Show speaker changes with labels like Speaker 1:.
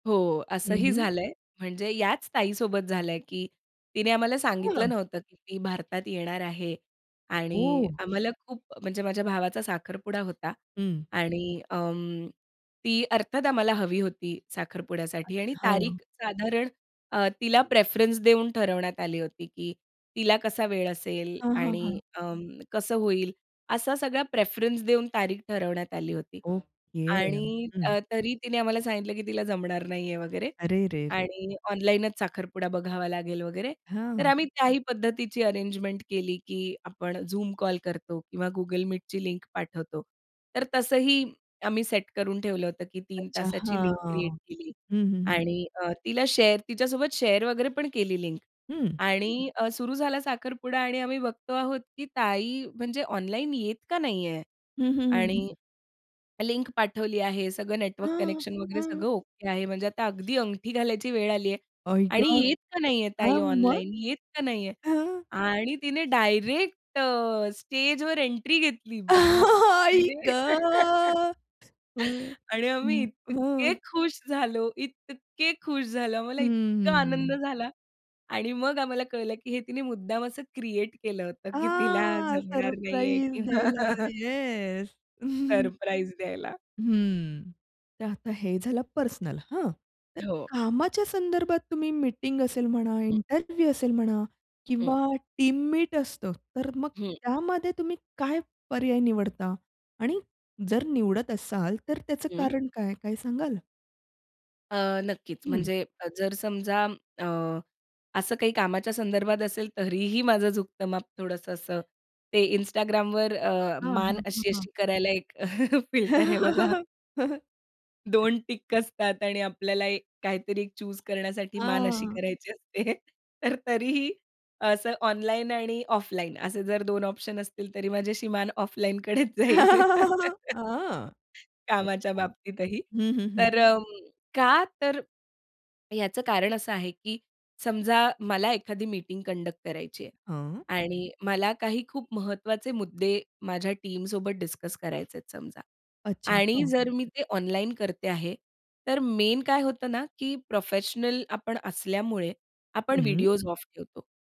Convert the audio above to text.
Speaker 1: हो, असंही
Speaker 2: हं.
Speaker 1: झालं आहे. म्हणजे याच ताईसोबत झालं आहे, की तिने आम्हाला
Speaker 2: हो
Speaker 1: सांगितलं
Speaker 2: ना.
Speaker 1: नव्हतं, की ती भारतात येणार आहे. आणि
Speaker 2: हो.
Speaker 1: आम्हाला खूप म्हणजे माझ्या भावाचा साखरपुडा होता.
Speaker 2: हं.
Speaker 1: आणि अं, ती अर्थात आम्हाला हवी होती साखरपुड्यासाठी. आणि
Speaker 2: अच्छा, हां.
Speaker 1: तारीख साधारण अ, तिला प्रेफरन्स देऊन ठरवण्यात आली होती, की तिला कसा वेळ असेल
Speaker 2: हां, हां,
Speaker 1: आणि
Speaker 2: हां.
Speaker 1: अ, कसं होईल. असा सगळा प्रेफरन्स देऊन तारीख ठरवण्यात आली होती.
Speaker 2: ओके.
Speaker 1: आणि
Speaker 2: हं.
Speaker 1: अ, तरी तिने आम्हाला सांगितलं, की तिला जमणार नाहीये वगैरे.
Speaker 2: अरे रे रे!
Speaker 1: आणि ऑनलाईनच साखरपुडा बघावा लागेल वगैरे. तर
Speaker 2: हां.
Speaker 1: आम्ही त्याही पद्धतीची अरेंजमेंट केली, की आपण Zoom कॉल करतो किंवा Google Meetची लिंक पाठवतो. तर तसंही आम्ही सेट करून ठेवलं होतं, की 3
Speaker 2: अच्छा,
Speaker 1: तासाची लिंक क्रिएट
Speaker 2: हां.
Speaker 1: केली.
Speaker 2: हं, हं, हं.
Speaker 1: आणि अ, तिला शेअर तिच्यासोबत शेअर वगैरे पण केली लिंक.
Speaker 2: हं.
Speaker 1: आणि अ, सुरू झाला साखरपुडा आणि आम्ही बघतो आहोत, की ताई म्हणजे ऑनलाईन येत का नाहीये.
Speaker 2: हं, हं,
Speaker 1: आणि
Speaker 2: हं.
Speaker 1: लिंक पाठवली आहे, सगळं नेटवर्क
Speaker 2: हां.
Speaker 1: कनेक्शन वगैरे
Speaker 2: हं.
Speaker 1: सगळं ओके आहे म्हणजे आता अगदी अंगठी घालायची वेळ आली आहे.
Speaker 2: आई ग!
Speaker 1: आणि येत का नाही आहे
Speaker 2: हां,
Speaker 1: ताई
Speaker 2: मग?
Speaker 1: ऑनलाईन, येत का नाहीये.
Speaker 2: हां.
Speaker 1: आणि तिने डायरेक्ट अ, स्टेजवर एंट्री घेतली.
Speaker 2: आई ग!
Speaker 1: बापरे!
Speaker 2: हं,
Speaker 1: आणि आम्ही
Speaker 2: हं.
Speaker 1: इतके
Speaker 2: हां.
Speaker 1: खुश झालो, इतके खुश झालो, आम्हाला
Speaker 2: हं, हं,
Speaker 1: इतका आनंद
Speaker 2: हं.
Speaker 1: झाला. आणि मग आम्हाला कळलं, की हे तिने मुद्दाम असं क्रिएट केलं होतं की तिला
Speaker 2: हां,
Speaker 1: जमणार नाही आहे
Speaker 2: सरप्राईज
Speaker 1: किंवा
Speaker 2: द्यायला. येस.
Speaker 1: सरप्राईज द्यायला.
Speaker 2: हं. तर आता हे झालं पर्सनल. हां. तर
Speaker 1: हो.
Speaker 2: कामाच्या संदर्भात तुम्ही मीटिंग असेल म्हणा,
Speaker 1: हं.
Speaker 2: इंटरव्ह्यू असेल म्हणा
Speaker 1: हं.
Speaker 2: किंवा टीम मीट असतं तर मग
Speaker 1: हं.
Speaker 2: त्यामध्ये तुम्ही काय पर्याय निवडता. आणि जर निवडत असाल तर त्याचं
Speaker 1: हं.
Speaker 2: कारण काय? काय सांगाल?
Speaker 1: अ, नक्कीच.
Speaker 2: हं.
Speaker 1: म्हणजे अ, जर समजा अ, असं काही कामाच्या संदर्भात असेल तरीही माझं झुकतं माप थोडंसं असं, ते Instagramवर अ,
Speaker 2: हां,
Speaker 1: मान
Speaker 2: हां.
Speaker 1: अशी-अशी करायला एक फिल्टर आहे बघा. 2 टिक असतात आणि आपल्याला एक काहीतरी 1 चूज़ करण्यासाठी मान अशी
Speaker 2: हां.
Speaker 1: करायची असते. तर तरीही असं ऑनलाईन आणि ऑफलाईन असे जर 2 ऑप्शन असतील तरी माझी अशी मान ऑफलाईनकडेच जाईल.
Speaker 2: आ.
Speaker 1: कामाच्या
Speaker 2: अच्छा.
Speaker 1: बाबतीतही.
Speaker 2: हं, हं, हं.
Speaker 1: तर अ, का तर, याचं कारण असं आहे, की समजा मला एखादी मीटिंग कंडक्ट करायची आहे.
Speaker 2: हं.
Speaker 1: आणि मला काही खूप महत्वाचे मुद्दे माझ्या टीमसोबत डिस्कस करायचे आहेत समजा.
Speaker 2: अच्छा.
Speaker 1: आणि
Speaker 2: हां.
Speaker 1: जर मी ते ऑनलाईन करते आहे. तर मेन काय होतं ना की प्रोफेशनल आपण असल्यामुळे आपण
Speaker 2: हं.
Speaker 1: व्हिडिओज ऑफ ठेवतो.